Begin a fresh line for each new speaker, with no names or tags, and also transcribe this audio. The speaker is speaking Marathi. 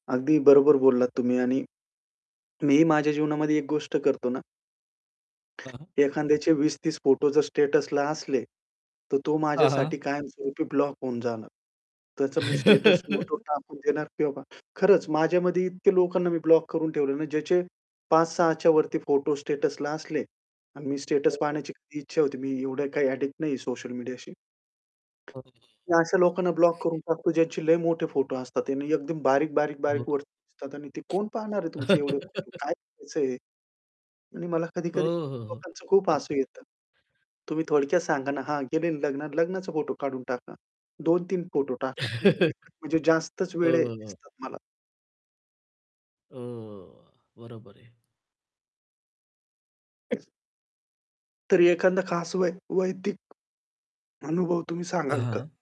अगदी बरोबर बोललात तुम्ही आणि मीही माझ्या जीवनामध्ये एक गोष्ट करतो ना.
हां.
एखाद्याचे 20-30 फोटो जर स्टेटसला असले, तर तो
हां, हां.
माझ्यासाठी कायमस्वरूपी ब्लॉक होऊन जाणार. त्याचं मी स्टेटस म्युटवर टाकून देणार किंवा खरंच माझ्यामध्ये इतक्या लोकांना मी ब्लॉक करून ठेवलं ना, ज्याचे 5-6च्या वरती फोटो स्टेटसला असले आणि मी स्टेटस
हो, हो.
पाहण्याची कधी इच्छा होती. मी एवढं काही ॲडिक्ट नाहीये सोशल मीडियाशी.
हो.
मी अशा लोकांना ब्लॉक करून टाकतो, ज्यांचे लय मोठे फोटो असतात. आणि एकदम बारीक-बारीक-बारीक वरती दिसतात आणि ते
[unintelligible]
कोण पाहणार आहे तुमचे एवढे फोटो काय करायचंय हे? आणि मला
हो,
कधी-कधी
हो, हो.
लोकांचं खूप हसू
अगदी.
येतं. तुम्ही थोडक्यात सांगा ना, हां, गेलेल लग्नात लग्नाचा फोटो काढून टाका. 2-3 फोटो टाका. [unintelligible] म्हणजे जास्तच
हो,
वेडे
हो.
दिसतात मला.
हो, बरोबर आहे.
तरी एखादा खास वै वैयक्तिक अनुभव तुम्ही सांगाल का?
हां.